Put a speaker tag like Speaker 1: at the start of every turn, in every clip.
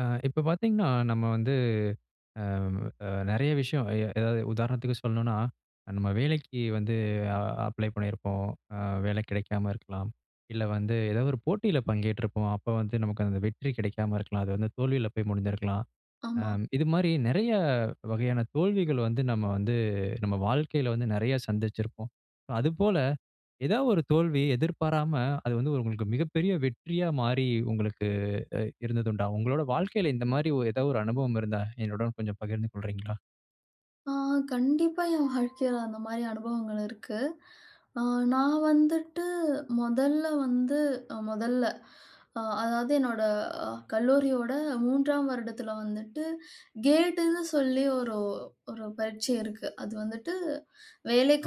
Speaker 1: அ இப்ப பார்த்தீங்கன்னா, நம்ம வந்து அ அ நெறைய விஷயம் எ எதாவது உதாரணத்துக்கு சொல்லணும்னா, நம்ம வேலைக்கு வந்து அ அப்ளை பண்ணியிருப்போம், அ வேலை கெடைக்காம இருக்கலாம். இல்ல வந்து ஏதோ ஒரு போட்டியில பங்கேற்றிப்போம், அப்போ வந்து நமக்கு அந்த வெற்றி கெடைக்காம இருக்கலாம். அது வந்து தோல்வில போய் முடிஞ்சிருக்கலாம், அ
Speaker 2: ஆமா.
Speaker 1: இதுமாரி நெறைய வகையான தோல்விகள் வந்து, நம்ம வந்து நம்ம வாழ்க்கையில வந்து நெறைய சந்திச்சிருப்போம். அதுபோல ஏதாவது ஒரு தோல்வி எதிர்பாராம, அது வந்து உங்களுக்கு மிகப்பெரிய வெற்றியா மாறி, உங்களுக்கு அ இருந்தது உண்டா? உங்களுடைய வாழ்க்கையில இந்த மாரி ஓ ஏதாவது ஒரு அனுபவம் இருந்தா, என்னுடன் கொஞ்சம் பகிர்ந்து கொள்றீங்களா?
Speaker 2: ஆ கண்டிப்பா, என் வாழ்க்கையில அந்த மாரி அனுபவங்கள் இருக்கு. அ நான் வந்துட்டு மொதல்ல வந்து மொதல்ல அ அதாவது, என்னோட கல்லூரியோட 3ஆம் வருடத்துல வந்துட்டு, கேட்டுன்னு சொல்லி ஒரு ஒரு பரீட்சை இருக்கு. அது வந்துட்டு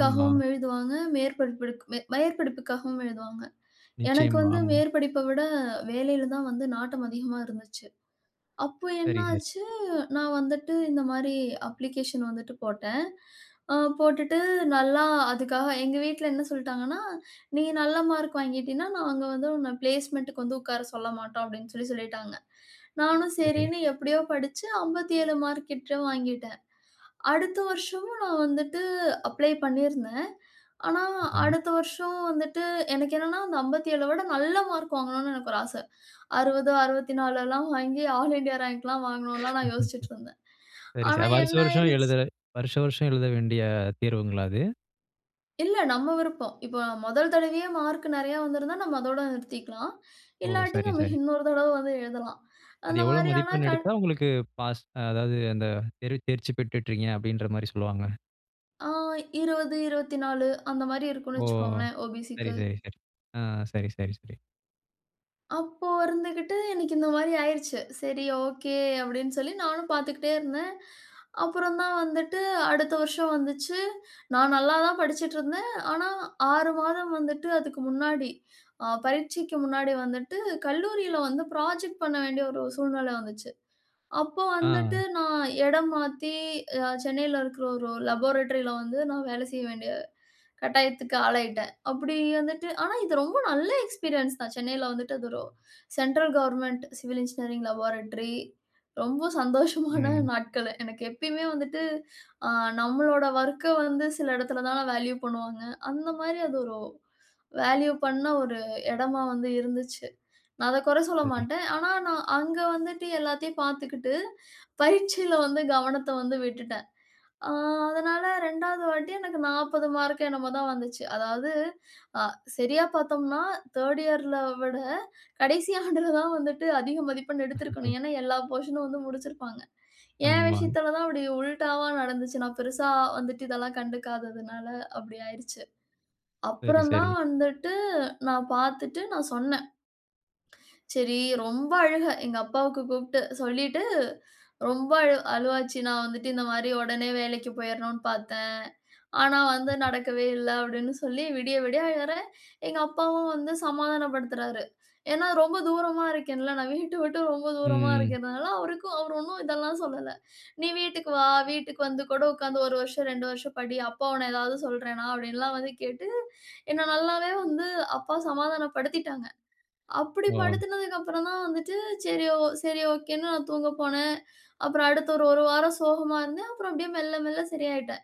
Speaker 1: ஆமா.
Speaker 2: எழுதுவாங்க, மேற்படிப்பு மேற்படிப்புக்காகவும் எழுதுவாங்க. எனக்கு
Speaker 1: நிச்சயமா,
Speaker 2: வந்து
Speaker 1: ஆமா.
Speaker 2: மேற்படிப்ப விட வேலையில தான் வந்து நாட்டம் அதிகமா இருந்துச்சு. அப்போ
Speaker 1: சரி, சரி.
Speaker 2: என்னாச்சு, நான் வந்துட்டு இந்த மாரி அப்ளிகேஷன் வந்துட்டு போட்டேன். அ போட்டுட்டு நல்லா அதுக்காக எங்க வீட்ல என்ன சொல்டாங்கன்னா, நீ நல்ல மார்க் வாங்கிட்டின்னா, நாங்க வந்து உன்ன பிளேஸ்மெண்டுக்கு வந்து உட்கார சொல்ல மாட்டோம், அப்டின்னு சொல்லி சொல்லிட்டாங்க. நானும்
Speaker 1: சரி.
Speaker 2: சரின்னு எப்டியோ படிச்சு 57 மார்க் கிட்ட வாங்கிட்டேன். அடுத்த வருஷமும் நான் வந்துட்டு அப்ளை பண்ணிருந்தேன். ஆனா,
Speaker 1: சரி.
Speaker 2: அடுத்த வருஷம் வந்துட்டு எனக்கு என்னென்னா அந்த 57ல விட நல்ல மார்க் வாங்கணும்னு எனக்கு ஒரு ஆச. 60, 64லாம் வாங்கி ஆல் இந்தியா ரேங்க்லாம் வாங்கணும்லாம் நான் யோசிச்சுட்டு இருந்தேன்.
Speaker 1: சரி சா
Speaker 2: ஆனா
Speaker 1: வருஷம் வருஷம்
Speaker 2: என்னாயிருச்சு
Speaker 1: எழுதுற வருஷம் வருஷம் எழுத வேண்டிய தேர்வுங்களா அது?
Speaker 2: இல்ல நம்ம விருப்பம். இப்ப முதல் தடவையே மார்க் நெறையா வந்திருந்தா நம்ம அதோட நிறுத்திக்கலாம்.
Speaker 1: ஓ!
Speaker 2: இல்லாட்டி
Speaker 1: சரி.
Speaker 2: நம்ம
Speaker 1: சரி.
Speaker 2: இன்னொரு தடவ வந்து எழுதலாம்.
Speaker 1: அது
Speaker 2: அந்த
Speaker 1: எவ்வளோ
Speaker 2: மாதிரியான
Speaker 1: மதிப்பெண்
Speaker 2: க
Speaker 1: எடுத்தா உங்களுக்கு பாஸ்? அதாவது அந்த தேர்வு தேர்ச்சி பெற்றுட்டுறீங்க, அப்டின்ற மாரி சொல்வாங்க?
Speaker 2: ஆ 20, 24 அந்த மாரி
Speaker 1: ஓ!
Speaker 2: இருக்கும்னு வைச்சிகோங்களேன்
Speaker 1: சரி,
Speaker 2: ஓபிசிக்கு.
Speaker 1: சரி, சரி. ஆ சரி, சரி, சரி.
Speaker 2: அப்போ இருந்துக்கிட்டு எனக்கு இந்த மாரி ஆயிடுச்சு. சரி. ஓகே அப்டின்னு சொல்லி நானும் பார்த்துக்கிட்டே இருந்தேன். அப்புறம் தான் வந்துட்டு, அடுத்த வருஷம் வந்துச்சி. நான் நல்லா தான் படிச்சிட்டு இருந்தேன். ஆனா, 6 மாதம் வந்துட்டு அதுக்கு முன்னாடி, அ பரீட்சைக்கு முன்னாடி வந்துட்டு கல்லூரில வந்து ப்ராஜெக்ட் பண்ண வேண்டிய ஒரு சூழ்நில வந்துச்சி. அப்போ வந்துட்டு
Speaker 1: ஆ.
Speaker 2: நான் இடம் மாத்தி சென்னைல இருக்கிற ஒரு ஒரு லேபாரட்டரில வந்து நான் வேலை செய்ய வேண்டிய கட்டாயத்துக்கு ஆளாயிட்டேன். அப்டி வந்துட்டு ஆனா இது ரொம்ப நல்ல எக்ஸ்பீரியன்ஸ் தான், சென்னைல வந்துட்டு அது ஒரு central government civil engineering laboratory ரொம்ப சந்தோஷமா தான்
Speaker 1: ம்.
Speaker 2: நாட்களு. எனக்கு எப்பயுமே வந்துட்டு, அ நம்மளோட ஒர்க்க வந்து சில இடத்துல தான வேல்யூ பண்ணுவாங்க. அந்த மாரி அது ஒரு வேல்யூ பண்ண ஒரு இடமா வந்து இருந்துச்சி. நான் அத குற சொல்ல
Speaker 1: சரி.
Speaker 2: மாட்டேன். ஆனா நான் அங்க வந்துட்டு எல்லாத்தையும் பார்த்துக்கிட்டு, பயிற்சியில வந்து கவனத்த வந்து விட்டுட்டேன். அ அதனால 2ஆவது வாட்டி எனக்கு 40 மார்க்கோ என்னமோ தான் வந்துச்சு அதாவது, அ சரியா பார்த்தோம்னா 3ர்டு இயர் ல விட கடைசி ஆண்டுல தான் வந்துட்டு அதிக மதிப்பெண் எடுத்திருக்கணும். ஏன்னா, எல்லா போர்ஷன் நும் வந்து முடிச்சிருப்பாங்க. ஏன்
Speaker 1: ஆமா.
Speaker 2: விஷயத்தில தான் அப்டி உல்டாவா நடந்துச்சி. நான் பெருசா வந்துட்டு இதெல்லாம் கண்டுக்காததுனால அப்டி ஆயிருச்சு.
Speaker 1: சரி,
Speaker 2: அப்புறம் தான்
Speaker 1: சரி.
Speaker 2: வந்துட்டு நான் பார்த்துட்டு நான் சொன்னே. சரி. ரொம்ப அழுக எங்க அப்பாவுக்கு கூப்ட்டு சொல்லீட்டு ரொம்ப அழு அழுவாச்சி. நான் வந்துட்டு இந்த மாரி உடனே வேலைக்கு போயிறணும்னு பார்த்தேன். ஆனா வந்து நடக்கவே இல்ல அப்படின்னு சொல்லி, விடிய விடிய அழுறேன். எங்க அப்பாவும் வந்து சமாதானப்படுத்துறாரு. ஏன்னா ரொம்ப தூரமா இருக்கேன்ல. நான் வீட்ட விட்டு ரொம்ப தூரமா
Speaker 1: ம்.
Speaker 2: இருக்கிறனால அவருக்கும் அவர் ஒண்ணும் இதெல்லாம் சொல்லல. நீ வீட்டுக்கு வா! வீட்டுக்கு வந்து கூட உட்காந்து 1 வருஷம், 2 வருஷம் படி. அப்பா உன்ன ஏதாவது சொல்றேனா? அப்படின்லாம் வந்து கேட்டு, என்ன நல்லாவே வந்து அப்பா சமாதானப்படுத்திட்டாங்க.
Speaker 1: ஓ!
Speaker 2: அப்டிபடுத்தினதுக்கப்புறம் தான் வந்துட்டு, சரி ஓ சரி ஓகேன்னு நான் தூங்க போனேன். அப்புறம் அடுத்த ஒரு 1 வாரம் சோகமா இருந்தேன். அப்புறம் அப்டியே மெல்ல மெல்ல சரியாயிட்டேன்.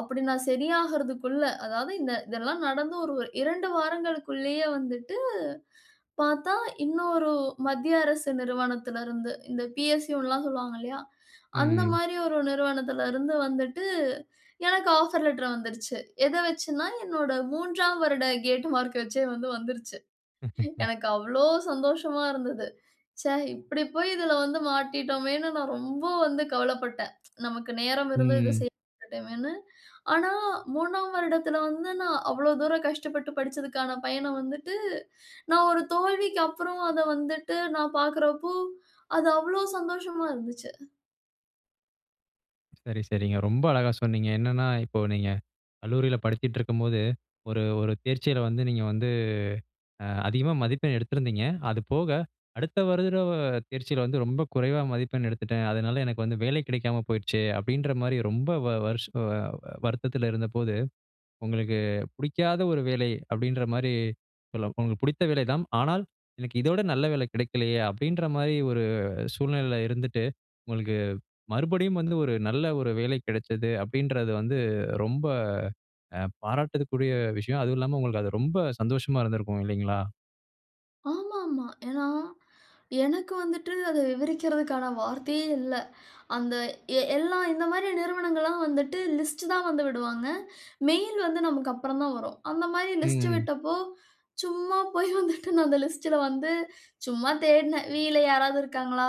Speaker 2: அப்டி நான் சரியாகறதுக்குள்ள அதாவது, இந்த இதெல்லாம் நடந்து ஒரு 2 வாரங்களுக்குள்ளயே வந்துட்டு பார்த்தா இன்னொரு மத்திய அரசு நிறுவனத்தில இருந்து இந்த பிஎஸ்யூனுலாம் சொல்லுவாங்க இல்லையா? அந்த
Speaker 1: ம்.
Speaker 2: மாரி ஒரு நிறுவனத்தில இருந்து வந்துட்டு எனக்கு ஆஃபர் லெட்டர் வந்துருச்சு. எத வெச்சின்னா என்னுட 3ஆம் வருட கேட் மார்க் வெச்சே வந்து வந்துருச்சு. எனக்கு அவ்வளவு சந்தோஷமா இருந்தது. ச்சே இப்படி போயி இதில வந்து மாட்டிட்டோமேன்னு நான் ரொம்ப வந்து கவலப்பட்டேன். நமக்கு நேரம் இருந்து இத
Speaker 1: ம்.
Speaker 2: செய்ய மாட்டேமேன்னு. ஆனா, 3ஆம் வருடத்தில வந்து நான் அவ்வளோ தூரம் கஷ்டப்பட்டு படிச்சிததுக்கான பயன வந்துட்டு, நான் ஒரு தோல்விக்கு அப்புறம் அத வந்துட்டு நான் பார்க்குறப்போ, அது அவ்வளோ சந்தோஷமா இருந்துச்சி.
Speaker 1: சரி, சரிங்க. ரொம்ப அழகா சொன்னீங்க. என்னன்னா, "இப்போ நீங்க கல்லூரியில படிச்சுட்ருக்கும்போது ஒரு ஒரு தேர்ச்சியில வந்து நீங்க வந்து அ அதிகமா மதிப்பெண் எடுத்திருந்தீங்க. அது போக, அடுத்த வருட தேர்ச்சியில வந்து ரொம்ப குறைவா மதிப்பெண் எடுத்துட்டேன். அதனால எனக்கு வந்து வேலை கிடைக்காம போயிருச்சு." அப்படீன்ற மாரி ரொம்ப வ வருஷ அ வருத்தத்துல இருந்தபோது, "உங்களுக்கு புடிக்காத ஒரு வேலை." அப்படீன்ற மாரி சொல்ல "உங்களுக்கு பிடித்த வேலை தான். ஆனால் எனக்கு இதோட நல்ல வேலை கிடைக்கலையே." அப்படீன்ற மாரி ஒரு சூழ்நிலையில இருந்துட்டு, "உங்களுக்கு மறுபடியும் வந்து ஒரு நல்ல ஒரு வேலை கெடைச்சது." அப்படீன்றது வந்து ரொம்ப அ பாராட்டதுக்குரிய விஷயம். அதுவும் இல்லாம உங்களுக்கு அது ரொம்ப சந்தோஷமா இருந்திருக்கும் இல்லைங்களா?
Speaker 2: ஆமாமா. ஏன்னா, எனக்கு வந்துட்டு அத விவரிக்கிறதுக்கான வார்த்தையே இல்லை. அந்த எ எல்லா இந்த மாரி நிறுவனங்கள்லாம் வந்துட்டு லிஸ்ட் தான் வந்து விடுவாங்க. மெயில் வந்து நமக்கு அப்புறம் தான் வரும். அந்த மாரி லிஸ்ட்
Speaker 1: ம்.
Speaker 2: விட்டப்போ, சும்மா போய் வந்துட்டு நான் அந்த லிஸ்ட்டுல வந்து சும்மா தேடுனேன். வீயில யாராவது இருக்காங்களா?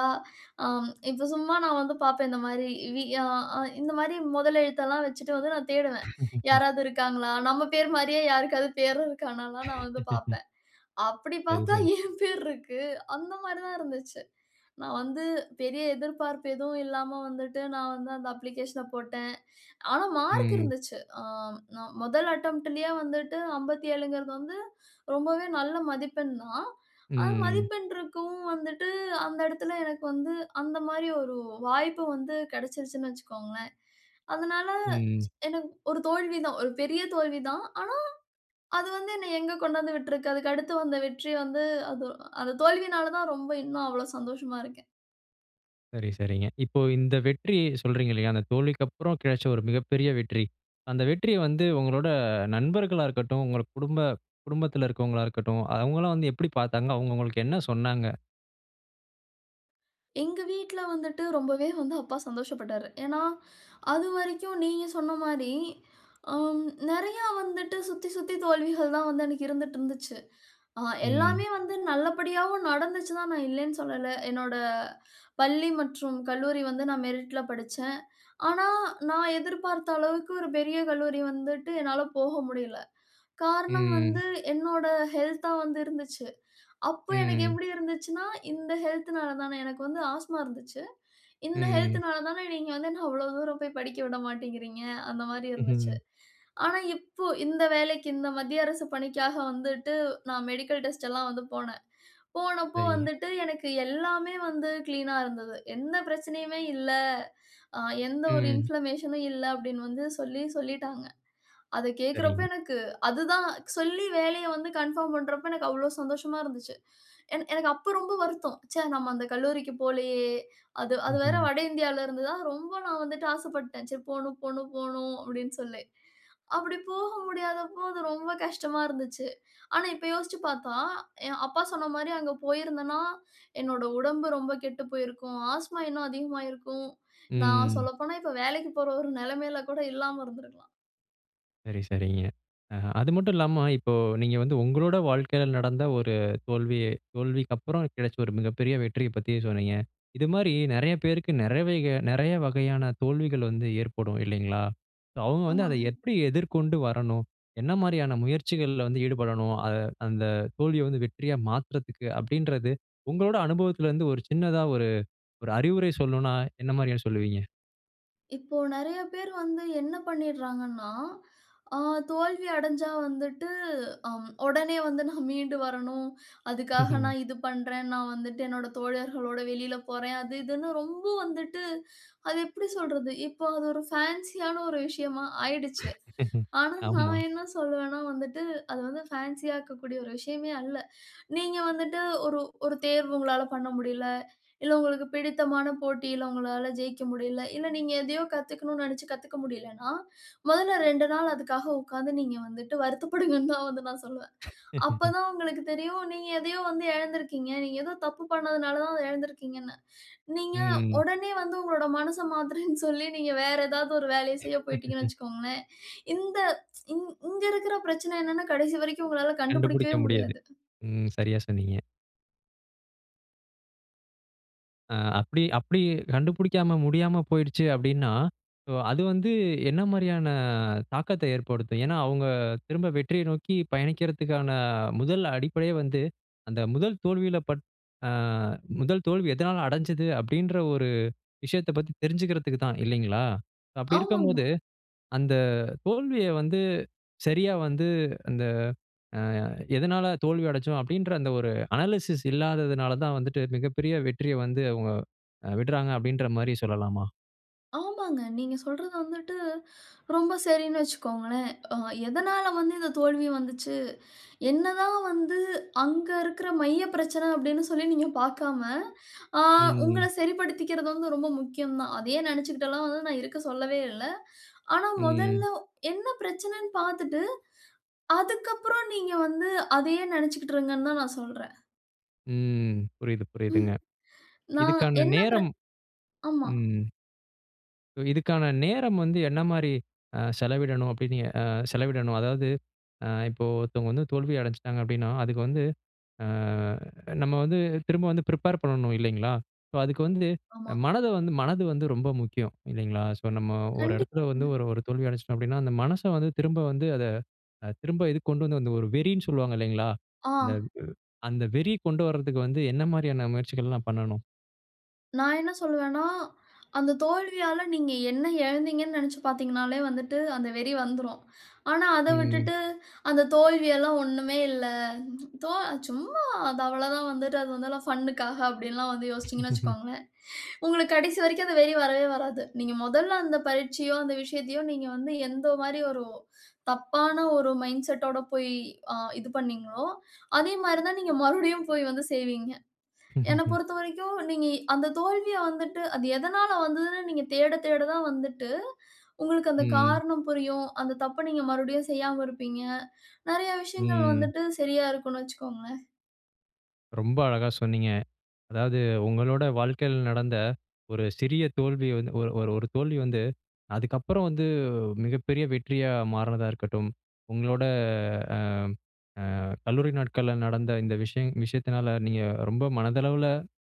Speaker 2: அம் இப்போ சும்மா நான் வந்து பார்ப்பேன், இந்த மாரி வி அ அ இந்த மாரி மொதல் எழுத்தெல்லாம் வச்சுட்டு வந்து நா தேடுவேன், யாராவது இருக்காங்களா? நம்ம பேர் மாரியே யாருக்காவது பேரு இருக்கான்னல்லாம் நா வந்து பார்ப்பேன். அப்படி
Speaker 1: சரி,
Speaker 2: பார்த்தா,
Speaker 1: சரி.
Speaker 2: என் பேர் இருக்கு. அந்த மாரி தான் இருந்துச்சு. நான் வந்து பெரிய எதிர்பார்ப்பு எதுவும் இல்லாம வந்துட்டு, நான் வந்து அந்த அப்ளிகேஷன போட்டேன். ஆனா மார்க்
Speaker 1: ம்.
Speaker 2: இருந்துச்சு. அ நா மொதல் அட்டெம்ப்ட்டுலயே வந்துட்டு 57ங்குறது வந்து ரொம்பவே நல்ல மதிப்பெண் தான். ஆனா,
Speaker 1: ம்.
Speaker 2: மதிப்பெண் இருக்கவும் வந்துட்டு அந்த இடத்துல எனக்கு வந்து, அந்த மாரி ஒரு வாய்ப்பு வந்து கெடச்சிருச்சுன்னு வச்சுக்கோங்களேன். அதனால
Speaker 1: ம்.
Speaker 2: எனக்கு ஒரு தோல்விதான் ஒரு பெரிய தோல்விதான். ஆனா, அது வந்து என்னைய எங்க கொண்டு வந்து விட்டுருக்கு? அதுக்கு அடுத்து வந்த வெற்றி வந்து, அது அந்த தோல்வியினால தான் ரொம்ப இன்னும் அவ்வளவு சந்தோஷமா இருக்கேன்.
Speaker 1: சரி, சரிங்க. இப்ப, இந்த வெற்றி சொல்றீங்கல்லயா? அந்த தோல்விக்கப்புறம் கிடைச்ச, ஒரு மிகப்பெரிய வெற்றி. அந்த வெற்றிய வந்து, உங்களோட நண்பர்களா இருக்கட்டும். உங்க குடும்ப, குடும்பத்தில இருக்கிறவங்களா இருக்கட்டும். அவுங்களா வந்து எப்டி பாத்தாங்க? அவுங்க உங்களுக்கு என்ன சொன்னாங்க?
Speaker 2: எங்க வீட்ல வந்துட்டு ரொம்பவே வந்து, அப்பா சந்தோஷ பட்டாரு. ஏனா, அதுவரைக்கும் நீங்க சொன்ன மாரி, ஆ நிறைய வந்துட்டு சுத்தி சுத்தி தோல்விகள் தான் வந்து அன்னைக்கு இருந்துட்டு இருந்துச்சு. அ,
Speaker 1: ம்.
Speaker 2: எல்லாமே வந்து நல்லபடியாவும் நடந்துச்சுதான், நான் இல்லனு சொல்லலை. என்னோட பள்ளி மற்றும் கல்லூரி வந்து, நான் மெரிட்ல படிச்சேன். ஆனா, நான் எதிர்பார்த்த அளவுக்கு ஒரு பெரிய கல்லூரி வந்துட்டு, என்னால போக முடியல. காரணம்
Speaker 1: ம்.
Speaker 2: வந்து, என்னோட ஹெல்த்தா வந்து இருந்துச்சு. அப்ப, எனக்கு
Speaker 1: ம்.
Speaker 2: எப்டி இருந்துச்சுன்னா, இந்த ஹெல்த்னால தான, எனக்கு வந்து ஆஸ்மா இருந்துச்சு. இந்த
Speaker 1: ம்.
Speaker 2: ஹெல்த்னால தான, நீங்க வந்து என்ன அவ்ளோ தூரம் போய் படிக்க விட மாட்டேங்கிறீங்க, அந்த மாரி இருந்துச்சு.
Speaker 1: ம்ஹ்ம்.
Speaker 2: ஆனா, இப்ப இந்த வேலைக்கு இந்த மத்திய அரசு பணிக்காக வந்துட்டு, நான் மெடிக்கல் டெஸ்ட்டெல்லாம் வந்து போனேன். போனப்ப
Speaker 1: சரிங்க.
Speaker 2: வந்துட்டு எனக்கு எல்லாமே வந்து கிளீன்னா இருந்தது. எந்த பிரச்சனையுமே இல்ல. அ, எந்த ஒரு
Speaker 1: ம்.
Speaker 2: இன்ஃப்ளமேஷன்னும் இல்ல. அப்படின்னு வந்து சொல்லி, சொல்லிட்டாங்க. அத கேட்கிறப்ப,
Speaker 1: சரிங்க.
Speaker 2: எனக்கு அதுதான் சொல்லி வேலைய வந்து கன்ஃபார்ம் பண்றப்ப, எனக்கு அவ்வளவு சந்தோஷமா இருந்துச்சு. எனக் எனக்கு அப்ப ரொம்ப வருத்தம். ச்ச, நம்ம அந்த கல்லூரிக்கு போலயே. அது அது வேற
Speaker 1: ம்ஹ்ம்.
Speaker 2: வட இந்தியாவில இருந்துதா ரொம்ப, நான் வந்துட்டு ஆசைப்பட்டேன். சரி, போணும் போணும் போணும் அப்டின்னு சொல்லி. அப்டி போக முடியாத போது ரொம்ப கஷ்டமா இருந்துச்சு. ஆனா, இப்ப யோசிச்சு பார்த்தா, என் அப்பா சொன்ன மாரி, அங்க போயிருந்தேன்னா, என்னுடைய உடம்பு ரொம்ப கெட்டு போயிருக்கும். ஆஸ்மா இன்னும் அதிகமாயிருக்கும். நான்
Speaker 1: ம்.
Speaker 2: சொல்லப்போனா இப்ப, வேலைக்கு போற ஒரு நிலைமையில் கூட இல்லாம இருந்திருக்கலாம்.
Speaker 1: சரி, சரிங்க. அ அது மட்டும் இல்லாம, இப்போ நீங்க வந்து உங்களோட வாழ்க்கையில நடந்த ஒரு தோல்வி தோல்விக்கு அப்புறம் கிடைச்ச ஒரு மிகப்பெரிய வெற்றிய பத்தி சொன்னீங்க. இது மாரி நெறய பேருக்கு நெறவைக நெறய வகையான தோல்விகள் வந்து ஏற்படும் இல்லைங்களா? ஸோ அவுங்க வந்து அத
Speaker 2: ஆமாங்க.
Speaker 1: எப்டி எதிர்கொண்டு வரணும்? என்ன மாதிரியான முயற்சிகள்ல வந்து ஈடுபடணும்? அத அந்த தோல்விய வந்து வெற்றியா மாத்துறதுக்கு, அப்படின்றது உங்களோட அனுபவத்துல இருந்து ஒரு சின்னதா ஒரு ஒரு அறிவுரை சொல்லணுனா என்ன மாரியா சொல்லுவீங்க?
Speaker 2: இப்போ நெறய பேர் வந்து என்ன பண்ணிடுறாங்கன்னா, அ தோல்வி அடைஞ்சா வந்துட்டு அ ஒடனே வந்து "நான் மீண்டு வரணும். அதுக்காக
Speaker 1: ம்ஹ்ம்.
Speaker 2: நான் இது பண்றேன், நான் வந்துட்டு என்னோட தோழர்களோட வெளியில போறேன்" அது இதுன்னு ரொம்ப வந்துட்டு அது எப்டி சொல்றது? இப்போ அது ஒரு ஃபேன்ஸியான ஒரு விஷயமா ஆயிடுச்சு. ஆனா
Speaker 1: ஆமா.
Speaker 2: நான் என்ன சொல்வேன்னா வந்துட்டு, அது வந்து ஃபேன்ஸியாக்கக் கூடிய ஒரு விஷயமே அல்ல. நீங்க வந்துட்டு ஒரு ஒரு தேர்வு உங்களால பண்ண முடியல, இல்ல உங்களுக்கு பிடித்தமான போட்டியில உங்களால ஜெயிக்க முடியல, இல்ல, நீங்க எதையோ கத்துக்கணும்னு நெனைச்சு கத்துக்க முடியலைன்னா, மொதல்ல 2 நாள் அதுக்காக உக்காந்து நீங்க வந்துட்டு வருத்தப்படுங்கன்னு தான் வந்து நான் சொல்லுவேன். அப்ப தான் உங்களுக்கு தெரியும், நீங்க எதையோ வந்து எழந்திருக்கீங்க, நீங்க ஏதோ தப்பு பண்ணதுனால தான் அதை எழந்துருக்கீங்கன்னு. நீங்க
Speaker 1: ம்ஹ்ம்.
Speaker 2: ஒடனே வந்து, உங்களோட மனச மாத்துறேன்னு, சொல்லி நீங்க வேற ஏதாவது ஒரு வேலைய செய்ய போய்ட்டீங்கன்னு வச்சுக்கோங்களேன், இந்த இங் இங்க இருக்கிற பிரச்சனை என்னன்னா கடைசி வரைக்கும் உங்களால
Speaker 1: கண்டுபுடிக்க
Speaker 2: கண்டுபுடிக்கவே
Speaker 1: முடியாது.
Speaker 2: முடியாது.
Speaker 1: ம் சரியா சொன்னீங்க. அ, அப்டி அப்டி கண்டுபிடிக்காம முடியாம போயிடுச்சு அப்டின்னா ஸோ, அது வந்து என்ன மாரியான தாக்கத்த ஏற்படுத்தும். ஏனா, அவங்க திரும்ப வெற்றிய நோக்கி பயணிக்கிறதுக்கான முதல் அடிப்படையே வந்து, அந்த முதல் தோல்வியில பட் அ முதல் தோல்வி எதுனால அடைஞ்சது அப்டின்ற ஒரு விஷயத்த பத்தி தெரிஞ்சுக்கிறதுக்கு தான் இல்லைங்களா? அப்டி
Speaker 2: ஆமாமா.
Speaker 1: இருக்கும்போது, அந்த தோல்விய வந்து சரியா, வந்து அந்த ஆ எதுனால தோல்வி அடைச்சோம் அப்டின்ற, அந்த ஒரு அனாலிசிஸ் இல்லாதனால தான் வந்துட்டு மிகப்பெரிய வெற்றிய வந்து அவங்க விட்றாங்க. அப்டிங்கற மாரி சொல்லலாமா?
Speaker 2: ஆமாங்க. நீங்க சொல்றது வந்துட்டு ரொம்ப சரின்னு வச்சுக்கோங்களேன். அ எதனால வந்து இந்த தோல்வி வந்துச்சு, என்னதான் வந்து அங்க இருக்கிற மைய பிரச்சன அப்டின்னு சொல்லி நீங்க பார்க்காம, அ உங்கள
Speaker 1: ம்.
Speaker 2: சரிப்படுத்திக்கிறது வந்து ரொம்ப முக்கியம் தான். அதையே நினைச்சுக்கிட்டேல்லாம் வந்து நான் இருக்க சொல்லவே இல்ல. ஆனா, முதல்ல
Speaker 1: ம்.
Speaker 2: என்ன பிரச்சனைனு பாத்துட்டு, அதுக்கப்புறம் நீங்க வந்து அதையே நனைச்சிக்கிட்டிருங்கன்னு தான் நான் சொல்றேன்.
Speaker 1: ம். புரியுது, புரியுதுங்க.
Speaker 2: நான்
Speaker 1: இதுக்கான
Speaker 2: என்ன ப்ர
Speaker 1: நேரம்
Speaker 2: ஆமா.
Speaker 1: ம் இதுக்கான நேரம் வந்து என்ன மாரி அ செலவிடணும் அப்டின்னு அ செலவிடணும். அதாவது, இப்போ, ஒருத்தவங்க வந்து தோல்வி அடைஞ்சிட்டாங்க அப்டின்னா, அதுக்கு வந்து அ நம்ம வந்து திரும்ப வந்து பண்ணணும் இல்லைங்களா? ஸோ, அதுக்கு வந்து
Speaker 2: ஆமா.
Speaker 1: மனது வந்து மனது வந்து ரொம்ப முக்கியம் இல்லைங்களா, ஸோ, நம்ம ஒரு இடத்தில வந்து
Speaker 2: கண்டிப்பாங்க.
Speaker 1: ஒரு ஒரு தோல்வி அடைஞ்சிட்டோம் அப்டின்னா, அந்த மனச வந்து திரும்ப வந்து அத திரும்ப இதுக்கு கொண்டு வந்து அந்த ஒரு வெறின்னு சொல்லுவாங்க இல்லைங்களா? அந்த
Speaker 2: ஆ.
Speaker 1: அந்த வெறி கொண்டு வரதுக்கு வந்து என்ன மாரியான முயற்சிகள்லாம் பண்ணணும்?
Speaker 2: நான் என்ன சொல்லுவேன்னா, அந்த தோல்வியால நீங்க என்ன இழந்தீங்கன்னு நெனச்சு பார்த்தீங்கன்னாலே வந்துட்டு, அந்த வெறி வந்துரும். ஆனா, அத
Speaker 1: ம்.
Speaker 2: விட்டுட்டு, அந்த தோல்வியெல்லாம் ஒண்ணுமே இல்ல. "தோ சும்மா. அது அவ்வளவு தான். வந்துட்டு அது வந்து ஃபன்க்காக." அப்டில்லாம் வந்து யோசிச்சீங்கன்னு வச்சிக்கோங்களேன், உங்களுக்கு கடைசி வரைக்கும், அந்த வெறி வரவே வராது. நீங்க மொதல்ல அந்த பரீட்சையோ, அந்த விஷயத்தையோ, நீங்க வந்து, எந்த மாரி ஒரு தப்பான ஒரு மைண்ட் செட்டோட போய், அ இது பண்ணினீங்களோ அதே மாரி தான் நீங்க மறுபடியும் போய் வந்து செய்வீங்க. என்ன பொறுத்தவரைக்கும், நீங்க, அந்த தோல்விய வந்துட்டு, அது எதனால வந்ததுனு, நீங்க தேட, தேட தான் வந்துட்டு, உங்களுக்கு அந்த
Speaker 1: ம்.
Speaker 2: காரணம் புரியும். அந்த தப்ப நீங்க மறுபடியும் செய்யாம இருப்பீங்க. நெறைய விஷயங்கள்
Speaker 1: ம்.
Speaker 2: வந்துட்டு, சரியா இருக்குன்னு வச்சிக்கோங்களேன்.
Speaker 1: ரொம்ப அழகா சொன்னீங்க. அதாவது உங்களோட வாழ்க்கையில நடந்த, ஒரு சிறிய தோல்விய வந்து ஒரு ஒரு ஒரு தோல்வி வந்து, அதுக்கப்புறம் வந்து, மிகப்பெரிய வெற்றியா மாறுனதா இருக்கட்டும், உங்களோட அ அ கல்லூரி நாட்கள்ல நடந்த இந்த விஷயம் விஷயத்தினால, நீங்க ரொம்ப மனதளவில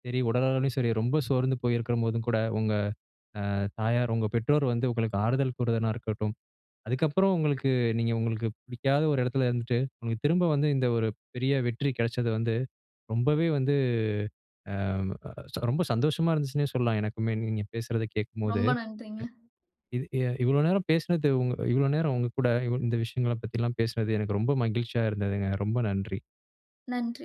Speaker 1: சரி, உடலளவுலயும் சரி, ரொம்ப சோர்ந்து போயிருக்கும்போதும் கூட, உங்க அ தாயார் உங்க பெற்றோர் வந்து, உங்களுக்கு ஆறுதல் கூறுயதா இருக்கட்டும், அதுக்கப்புறம் உங்களுக்கு நீங்க, உங்களுக்கு பிடிக்காத ஒரு எடத்துல இருந்துட்டு, உங்களுக்கு திரும்ப வந்து, இந்த, ஒரு பெரிய வெற்றி கெடைச்சது வந்து, ரொம்பவே வந்து ஆ ரொம்ப சந்தோஷமா இருந்துச்சுன்னே சொல்லலாம், எனக்குமே. நீங்க பேசுறத கேட்கும்போது.
Speaker 2: ரொம்ப நன்றிங்க.
Speaker 1: இது எ இவ்வளவு நேரம் பேசினது, உங் இவ்வளவு நேரம், உங்க கூட இவ் இந்த விஷயங்களப் பத்தில்லாம் பேசினது, எனக்கு ரொம்ப மகிழ்ச்சியா இருந்ததுங்க. ரொம்ப நன்றி.
Speaker 2: நன்றி.